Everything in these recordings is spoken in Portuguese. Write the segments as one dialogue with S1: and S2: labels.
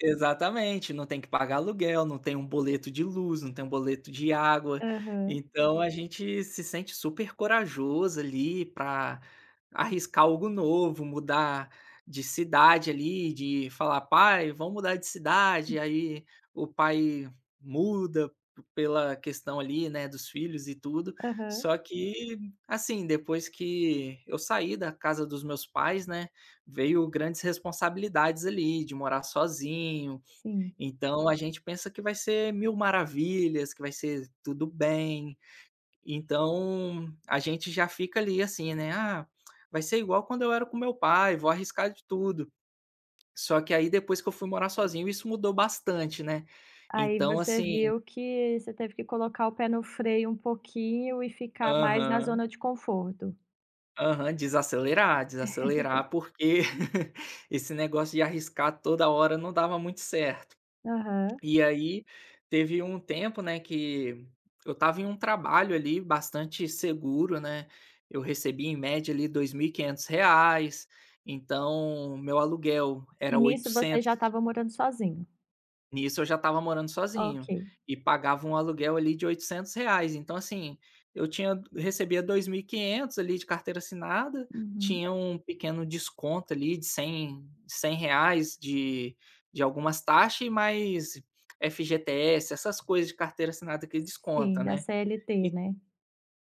S1: Exatamente. Não tem que pagar aluguel, não tem um boleto de luz, não tem um boleto de água.
S2: Aham.
S1: Então, a gente se sente super corajoso ali pra arriscar algo novo, mudar de cidade ali, de falar: "Pai, vamos mudar de cidade?" Aí o pai muda pela questão ali, né, dos filhos e tudo.
S2: Aham
S1: Só que assim, depois que eu saí da casa dos meus pais, né, veio grandes responsabilidades ali de morar sozinho.
S2: Sim.
S1: Então, a gente pensa que vai ser mil maravilhas, que vai ser tudo bem. Então, a gente já fica ali, assim, né: "Ah, vai ser igual quando eu era com o meu pai. Vou arriscar de tudo." Só que aí, depois, que eu fui morar sozinho isso mudou bastante, né.
S2: Aí,
S1: Então,
S2: você
S1: assim
S2: viu que você teve que colocar o pé no freio um pouquinho e ficar mais na
S1: Aham.
S2: zona de conforto.
S1: Aham. Desacelerar, desacelerar, porque esse negócio de arriscar toda hora não dava muito certo.
S2: Aham.
S1: E aí, teve um tempo, né, que eu estava em um trabalho ali bastante seguro, né. Eu recebia em média, ali, R$2500. Então, meu aluguel
S2: E
S1: era
S2: nisso, você já
S1: R$800
S2: estava morando sozinho?
S1: Nisso eu já estava morando sozinho,
S2: Ok.
S1: e pagava um aluguel ali de R$800. Então, assim, eu tinha recebia R$2.500 ali de carteira assinada,
S2: Uhum.
S1: tinha um pequeno desconto ali de cem cem reais de de algumas taxas e mais FGTS, essas coisas de carteira assinada que descontam,
S2: Sim, da
S1: né.
S2: CLT,
S1: E
S2: né?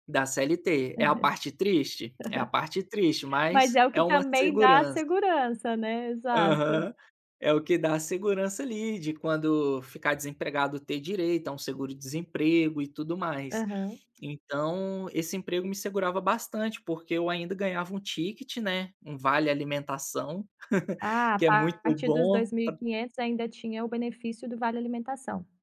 S1: Da CLT. É a parte triste, é a parte triste,
S2: Mas
S1: mas
S2: é o
S1: é
S2: que
S1: uma
S2: também dá
S1: segurança.
S2: segurança, né? Exato.
S1: Aham. É o que dá segurança ali de quando ficar desempregado, ter direito a um seguro desemprego e tudo mais.
S2: Aham.
S1: Então, esse emprego me segurava bastante porque eu ainda ganhava um ticket, né, um vale alimentação,
S2: Ah,
S1: que é
S2: tá. A
S1: muito
S2: partir dos
S1: bom
S2: dois mil e
S1: para
S2: quinhentos ainda tinha o benefício do vale alimentação.